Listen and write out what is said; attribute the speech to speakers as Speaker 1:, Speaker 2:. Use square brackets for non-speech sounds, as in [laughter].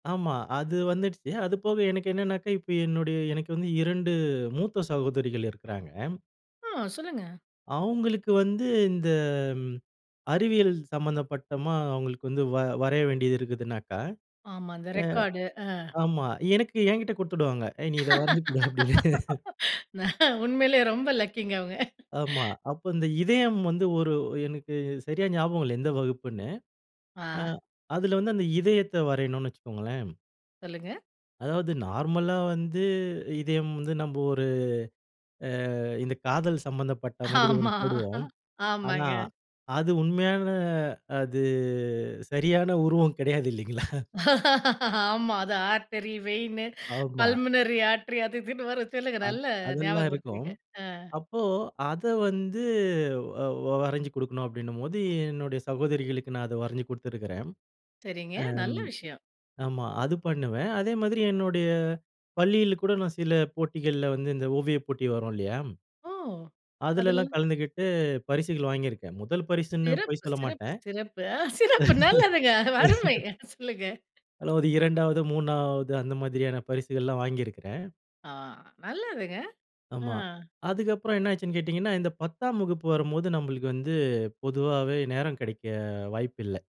Speaker 1: ஆமா. அது வந்துடுச்சு. அதுபோக எனக்கு என்னான்னாக்கா, இப்ப என்னுடைய எனக்கு வந்து 2 மூத்த சகோதரிகள் இருக்கிறாங்க.
Speaker 2: ஆ, சொல்லுங்க.
Speaker 1: அவுங்களுக்கு வந்து இந்த ம், அறிவியல் சம்பந்தப்பட்டதா அவுங்களுக்கு வந்து வ வரைய வேண்டியது இருக்குதுன்னாக்க
Speaker 2: ஆமா. அந்த
Speaker 1: அ
Speaker 2: ரெக்கார்டு, ஆ.
Speaker 1: ஆமா. எனக்கு என்கிட்ட குடுத்துடுவாங்க. "ஏய்! நீ இத வரஞ்சு குடு" அப்பிடின்னு.
Speaker 2: [laughs] நான் உண்மையிலே ரொம்ப லக்கிங்க, அவுங்க.
Speaker 1: ஆமா. அப்போ அந்த இதயம் வந்து ஒரு எனக்கு சரியா ஞாபகம் இல்ல, எந்த வகுப்புன்னு. அ
Speaker 2: ஆ.
Speaker 1: அதில வந்து அந்த இதயத்த வரையனுன்னு வச்சுக்கோங்களேன்,
Speaker 2: சொல்லுங்க.
Speaker 1: அதாவது நார்மலா வந்து, இதயம் வந்து நம்ப ஒரு அ இந்த காதல் சம்பந்தப்பட்ட மாதிரி 1
Speaker 2: ஆமா,
Speaker 1: போடுவோம். ஆனா
Speaker 2: ஆமாங்க.
Speaker 1: அது உண்மையான அது சரியான உருவம் கிடையாது, இல்லைங்களா!
Speaker 2: ஆமா. அது ஆர்ட்டெரி, வெய்ன்னு,
Speaker 1: ஆமா.
Speaker 2: பல்மனரி ஆர்ட்ரி அது இதுன்னு வரும், சொல்லுங்க.
Speaker 1: அது
Speaker 2: நல்லா
Speaker 1: அதெல்லாம் இருக்கும்.
Speaker 2: ஞாபகப்படுத்துனீங்க. ஆ.
Speaker 1: அப்போ அத வந்து வ வரஞ்சு குடுக்கணும் அப்பிடின்னம்போது, என்னுடைய சகோதரிகளுக்கு, நான் அத வரஞ்சு குடுத்துருக்கிறேன்.
Speaker 2: சரிங்க,
Speaker 1: அம்
Speaker 2: நல்ல விஷயம்.
Speaker 1: ஆமா, அது பண்ணுவேன். அதே மாதிரி என்னுடைய பள்ளியில கூட, நான் சில போட்டிகள்ல வந்து, இந்த ஓவியப் போட்டி வரும் இல்லயா!
Speaker 2: ஓ!
Speaker 1: அதில எல்லாம்
Speaker 2: அதெல்லாம்
Speaker 1: கலந்துக்கிட்டு பரிசுகள் வாங்கியிருக்கேன். முதல் பரிசுன்னு பொய்
Speaker 2: சிறப்பு சிறப்பு
Speaker 1: சொல்லமாட்டேன்.
Speaker 2: சிறப்பு. அ சிறப்பு நல்லதுங்க, அருமை.
Speaker 1: [laughs]
Speaker 2: அ சொல்லுங்க.
Speaker 1: அதுல ஒரு 2வது, 3வது அந்த மாதிரியான பரிசுகள்லாம் வாங்கியிருக்கிறேன்.
Speaker 2: ஆ, நல்லதுங்க!
Speaker 1: ஆமா.
Speaker 2: ஆ.
Speaker 1: அதுக்கப்புறம் என்ன ஆச்சுன்னு கேட்டீங்கன்னா, இந்த 10ஆம் வகுப்பு வரும்போது, நம்புளுக்கு வந்து பொதுவாவே நேரம் கிடைக்க வாய்ப்பு இல்ல.